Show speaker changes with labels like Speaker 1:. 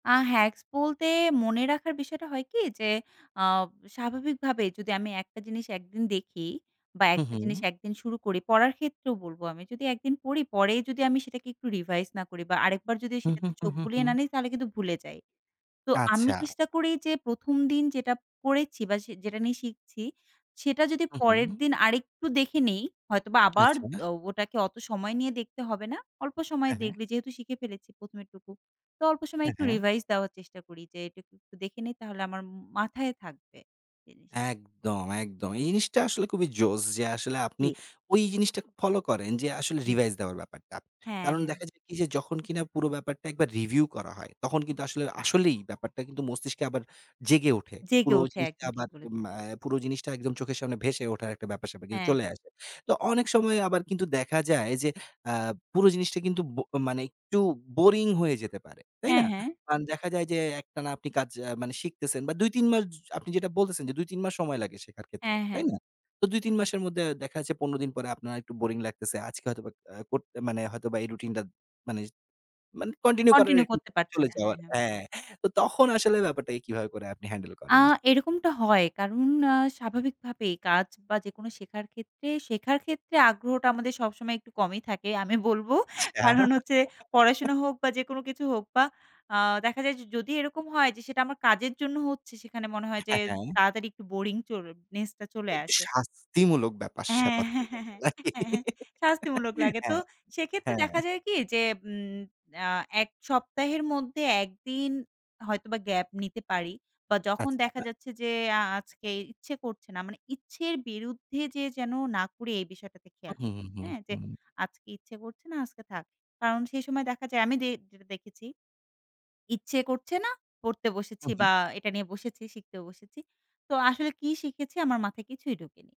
Speaker 1: আ hacks বলতে মনে রাখার বিষয়টা হয় কি যে আ স্বাভাবিকভাবেই যদি আমি ১ টা জিনিস ১ দিন দেখি বা ১
Speaker 2: হু,
Speaker 1: টা জিনিস
Speaker 2: হু।
Speaker 1: ১ দিন শুরু করি, পড়ার ক্ষেত্রেও বলবো আমি যদি ১ দিন পড়ি, পরেই যদি আমি সেটাকে একটু রিভাইজ না করি বা আরেকবার যদি
Speaker 2: হু, হু,
Speaker 1: সেটাতে
Speaker 2: হু,
Speaker 1: চোখ
Speaker 2: হু,
Speaker 1: বুলিয়ে না
Speaker 2: হু।
Speaker 1: নিই, তাহলে কিন্তু ভুলে যাই। তো আমি
Speaker 2: আচ্ছা।
Speaker 1: চেষ্টা করি, যে ১ম দিন যেটা পরেছি, বা সে যেটা নিয়ে শিখছি সেটা যদি
Speaker 2: হু,
Speaker 1: পরের
Speaker 2: হু।
Speaker 1: দিন আরেকটু দেখে নিই, হয়তোবা আবার দ
Speaker 2: আচ্ছা।
Speaker 1: ওটাকে অত সময় নিয়ে দেখতে হবে না, অল্প সময়
Speaker 2: এ হ্যাঁ।
Speaker 1: দেখলে যেহেতু শিখে ফেলেছি, ১ম এটুকু তো অল্প সময়
Speaker 2: হ্যাঁ,
Speaker 1: একটু
Speaker 2: হ্যাঁ।
Speaker 1: রিভাইজ দেওয়ার চেষ্টা করি, যে এটুকু একটু দেখে নিই, তাহলে আমার মাথায় থাকবে জিনিসটা
Speaker 2: একদম, একদম। এই জিনিসটা আসলে খুবই জোশ যে, আসলে আপনি
Speaker 1: জি।
Speaker 2: ওই জিনিসটা ফলো করেন, যে আসলে
Speaker 1: জি।
Speaker 2: রিভাইজ দেওয়ার ব্যাপারটা।
Speaker 1: হ্যাঁ,
Speaker 2: কারণ
Speaker 1: হ্যাঁ।
Speaker 2: দেখা যায় কি যে যখন কিনা, পুরো ব্যাপারটা একবার রিভিউ করা হয়, তখন কিন্তু আসলে আসলেই ব্যাপারটা কিন্তু মস্তিষ্কে আবার জেগে ওঠে।
Speaker 1: জেগে
Speaker 2: পুরো
Speaker 1: ওঠে
Speaker 2: জিনিসটা
Speaker 1: একদম
Speaker 2: এম
Speaker 1: ঠিক
Speaker 2: আ
Speaker 1: বলেছে।
Speaker 2: পুরো জিনিসটা একদম চোখের সামনে ভেসে ওঠার একটা ব্যাপার-স্যাপার কিন্তু
Speaker 1: হ্যাঁ,
Speaker 2: চলে
Speaker 1: হ্যাঁ।
Speaker 2: আসে। তো অনেক সময় আবার কিন্তু দেখা যায়, যে আ পুরো জিনিসটা কিন্তু ব মানে একটু বোরিং হয়ে যেতে পারে। তাই
Speaker 1: হ্যাঁ,
Speaker 2: না?
Speaker 1: হ্যাঁ।
Speaker 2: কারণ দেখা যায় যে একটানা আপনি কাজ আ মানে শিখতেছেন বা ২ ৩ মাস জ আপনি যেটা বলতেছেন যে, "২ ৩ মাস সময় লাগে শেখার ক্ষেত্রে।
Speaker 1: হ্যাঁ, হ্যাঁ।
Speaker 2: তাই না?" তো ২ ৩ মাসের মধ্যে দেখা যাচ্ছে ১৫ দিন পরে আপনার একটু বোরিং লাগতেছে। আজকে হয়তোবা আ কর মানে হয়তোবা এই রুটিনটা মানে জ মানে কন্টিনিউ করার
Speaker 1: কন্টিনিউ
Speaker 2: একটা
Speaker 1: করতে পারছি
Speaker 2: চলে
Speaker 1: না।
Speaker 2: যাওয়ার
Speaker 1: হ্যাঁ, হ্যাঁ।
Speaker 2: হ্যাঁ। তো তখন আসলে ব্যাপারটাকে কীভাবে করে আপনি হ্যান্ডেল
Speaker 1: আ
Speaker 2: করেন?
Speaker 1: এরকমটা হয় কারণ আ স্বাভাবিকভাবেই কাজ বা যেকোনো শেখার ক্ষেত্রে শেখার ক্ষেত্রে আগ্রহটা, আমাদের সবসময় একটু কমই থাকে, আমি বলবো
Speaker 2: আচ্ছা।
Speaker 1: কারণ হচ্ছে পড়াশোনা হোক বা যে কোনো কিছু হোক বা আ দেখা যায় যে যদি এরকম হয় যে সেটা আমার কাজের জন্য হচ্ছে সেখানে মনে হয় যে
Speaker 2: হ্যাঁ, হ্যাঁ।
Speaker 1: তাড়াতাড়ি একটু বোরিং চল নেসটা চলে
Speaker 2: একটু
Speaker 1: আসে।
Speaker 2: শাস্তিমূলক
Speaker 1: হ্যাঁ,
Speaker 2: ব্যাপার-স্যাপার
Speaker 1: হ্যাঁ,
Speaker 2: থাকে
Speaker 1: হ্যাঁ, হ্যাঁ, হ্যাঁ, হ্যাঁ শাস্তিমূলক লাগে তো
Speaker 2: হ্যাঁ,
Speaker 1: সেক্ষেত্রে
Speaker 2: হ্যাঁ।
Speaker 1: দেখা যায় কি?যে উ আ এক সপ্তাহের মধ্যে ১ দিন হয়তোবা গ্যাপ নিতে পারি বা যখন দেখা
Speaker 2: আচ্ছা।
Speaker 1: যাচ্ছে যে আ আজকে ইচ্ছে করছে না, মানে ইচ্ছের বিরুদ্ধে যেয়ে যেন না করি। এই বিষয়টাতে
Speaker 2: আ
Speaker 1: খেয়াল
Speaker 2: হুম,
Speaker 1: রাখি,
Speaker 2: হুম,
Speaker 1: হ্যাঁ। যে
Speaker 2: হুম।
Speaker 1: আজকে ইচ্ছে করছে না, আজকে থাক। কারণ সেই সময় দেখা যায়, আমি যে যেটা দেখেছি ইচ্ছে করছে না। পড়তে বসেছি
Speaker 2: উ হু।
Speaker 1: বা এটা নিয়ে বসেছি, শিখতেও বসেছি। তো আসলে কি শিখেছি আমার মাথায় কিছুই ঢোকেনি।